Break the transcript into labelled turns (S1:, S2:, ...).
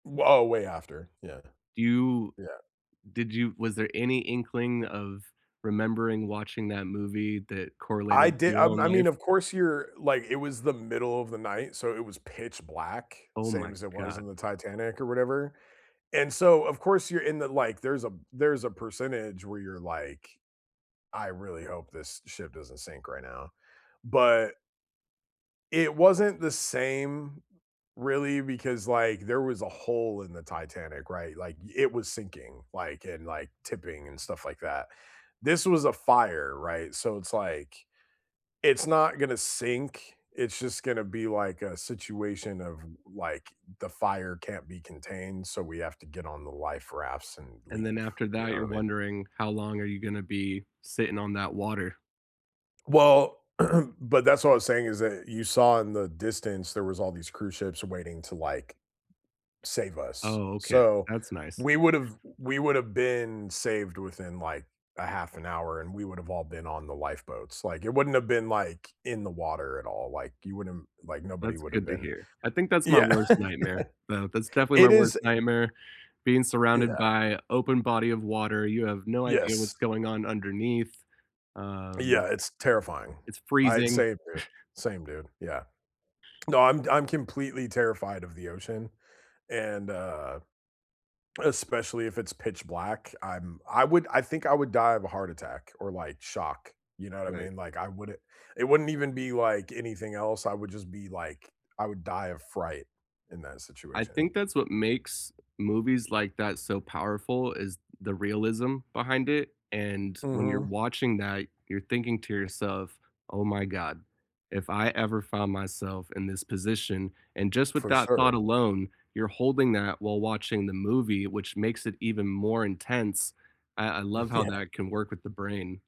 S1: W oh, way after. Yeah.
S2: Do you
S1: Yeah.
S2: did you was there any inkling of remembering watching that movie that
S1: I
S2: correlated to
S1: did
S2: your
S1: I
S2: own
S1: I mean,
S2: life?
S1: of course, you're like it was the middle of the night, so it was pitch black,
S2: Oh,
S1: same
S2: my
S1: as it was in
S2: god.
S1: the Titanic or whatever, and so, of course, you're in the like, there's a there's a percentage where you're like, "I really hope this ship doesn't sink right now." But it wasn't the same, really, because, like, there was a hole in the Titanic, right? Like, it was sinking, like, and, like, tipping and stuff like that. This was a fire, right? So it's like, it's not gonna sink, it's just gonna be like a situation of, like, the fire can't be contained, so we have to get on the life rafts and
S2: And
S1: leave,
S2: then after
S1: you
S2: that,
S1: know
S2: you're
S1: what I mean?
S2: wondering how long are you gonna be sitting on that water.
S1: Well, but that's what I was saying is that you saw in the distance, there was all these cruise ships waiting to, like, save us.
S2: Oh, okay.
S1: So,
S2: That's nice.
S1: we would've we would have been saved within like a 1/2 an hour and we would have all been on the lifeboats. Like, it wouldn't have been like, in the water at all. Like, you wouldn't like nobody
S2: That's
S1: would have
S2: good to
S1: been
S2: hear. I think that's my
S1: Yeah.
S2: worst nightmare. Yeah, that's definitely my
S1: It
S2: worst
S1: is
S2: nightmare. Being surrounded
S1: Yeah.
S2: by open body of water, you have no idea
S1: Yes.
S2: what's going on underneath. Um
S1: Yeah, it's terrifying.
S2: it's
S1: I
S2: freezing.
S1: same, dude. Same, dude, yeah. No, I'm I'm completely terrified of the ocean. And, uh, especially if it's pitch black. I'm I would I think I would die of a heart attack or, like, shock. You know what I
S2: Right.
S1: mean? Like, I wouldn't it wouldn't even be like anything else, I would just be, like, I would die of fright in that
S2: I
S1: situation.
S2: think that's what makes movies like that so powerful is the realism behind it, and when you're
S1: Mhm.
S2: watching that, you're thinking to yourself, "Oh my god, if I ever found myself in this position" and just with
S1: For
S2: that thought
S1: sure.
S2: alone, you're holding that while watching the movie, which makes it even more intense. I I love how
S1: Yeah.
S2: that can work with the brain.